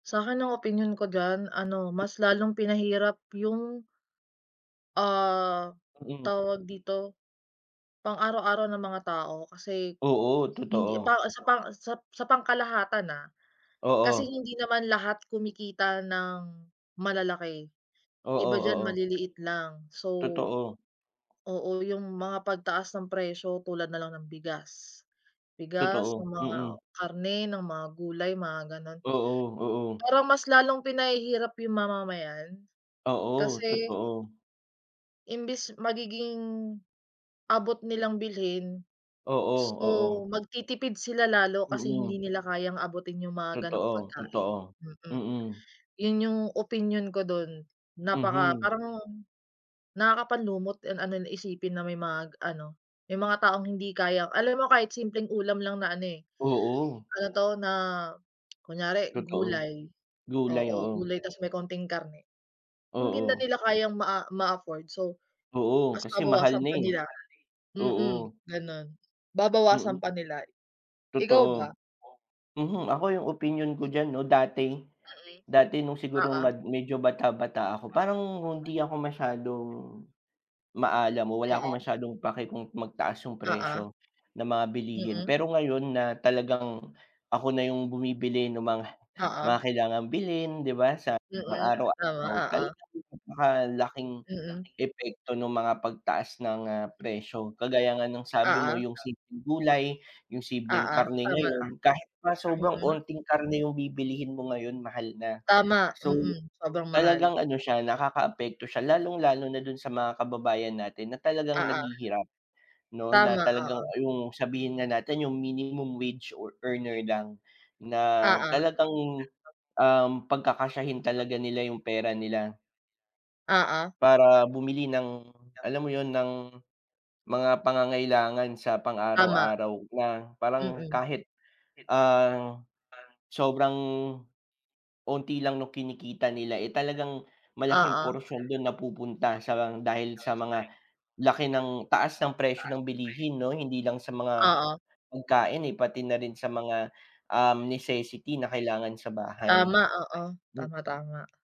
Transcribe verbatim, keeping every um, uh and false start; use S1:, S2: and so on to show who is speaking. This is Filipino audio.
S1: Sakin ang opinyon ko diyan ano, mas lalong pinahirap yung, ah,
S2: Mm.
S1: tawag dito, pang-araw-araw ng mga tao kasi,
S2: Oo,
S1: hindi
S2: totoo.
S1: pa sapa sa pangkalahatan, ah. Kasi
S2: Oo.
S1: hindi naman lahat kumikita ng, malalaki.
S2: Oo,
S1: Iba diyan,
S2: oo.
S1: maliliit lang. So
S2: Totoo.
S1: oo, yung mga pagtaas ng presyo tulad na lang ng bigas. Bigas,
S2: Totoo.
S1: ng mga
S2: Mm.
S1: karne, ng mga gulay, mga gano'n.
S2: Oo, oo.
S1: Parang mas lalong pinahihirap yung mamamayan,
S2: Oo,
S1: kasi
S2: totoo.
S1: imbes magiging, abot nilang bilhin,
S2: Oo,
S1: so,
S2: oo.
S1: magtitipid sila lalo kasi
S2: Mm.
S1: hindi nila kayang abutin 'yong mga gano'ng
S2: Totoo,
S1: pagkain.
S2: totoo.
S1: Mm.
S2: Mm.
S1: Yun yung opinyon ko do'n. Napaka
S2: Mhm.
S1: parang, nakakapanlumo't ang ano na isipin na may mga ano, may mga taong hindi kayang alam mo kahit simpleng ulam lang na ano, eh,
S2: Oo.
S1: ano 'to, na, kunyari
S2: Totoo.
S1: gulay.
S2: Gulay,
S1: Oo,
S2: oo.
S1: gulay tapos may konting karne, hindi na
S2: Oo.
S1: nila kayang maa ma-afford so
S2: Oo,
S1: ta's
S2: kasi mahal
S1: babawasan
S2: na,
S1: pa
S2: eh.
S1: nila. Mm,
S2: Oo.
S1: gano'n. Babawasan
S2: Mm.
S1: pa nila. Ikaw ba?
S2: Totoo. Mhm. Ako, yung opinyon ko diyan 'no dati,
S1: Yun nga eh.
S2: dati no'ng sigurong
S1: Oo.
S2: mad medyo bata-bata ako, parang hindi ako masyadong, maalam o wala akong
S1: Mm.
S2: masyadong pake kung magtaas yung
S1: Oo.
S2: presyo, ng mga bilihin.
S1: Mm.
S2: Pero ngayon na talagang, ako na yung bumibili no'ng mga
S1: Oo.
S2: mga kailangang bilhin, di ba? Sa
S1: Mm, tama,
S2: pang-araw-araw,
S1: oo.
S2: talagang napaka laking,
S1: Mm.
S2: epekto no'ng mga pagtaas ng, ah, presyo. Kagaya nga ng sabi
S1: Oo.
S2: mo yung simpleng gulay, yung sibleng
S1: Oo,
S2: karne
S1: tama.
S2: ngayon, kahit nga sobrang
S1: Mm.
S2: unting karne yung bibilihin mo ngayon, mahal na.
S1: Tama,
S2: So,
S1: mm, sobrang mahal.
S2: talagang ano siya, nakakaapekto siya lalong-lalo na do'n sa mga kababayan natin na talagang
S1: Oo.
S2: naghihirap 'no? Na
S1: Tama, oo.
S2: talagang, ah, yung sabihin na natin yung minimum wage or earner lang, na
S1: Oo.
S2: talagang, um, pagkakasyahin talaga nila yung pera nila
S1: Oo.
S2: para bumili ng alam mo yun? Ng, mga pangangailangan sa
S1: Tama.
S2: pang-araw-araw, na parang
S1: Mm.
S2: kahit, ang, sobrang, unti lang no'ng kinikita nila, eh, talagang malaking
S1: Oo.
S2: portion, do'n napupunta sa dahil sa mga laki ng taas ng presyo ng bilihin 'no? Hindi lang sa mga,
S1: Oo.
S2: pagkain, eh, pati na rin sa mga, um, necessity na kailangan sa bahay.
S1: Tama, oo.
S2: Hmm.
S1: Tama, tama.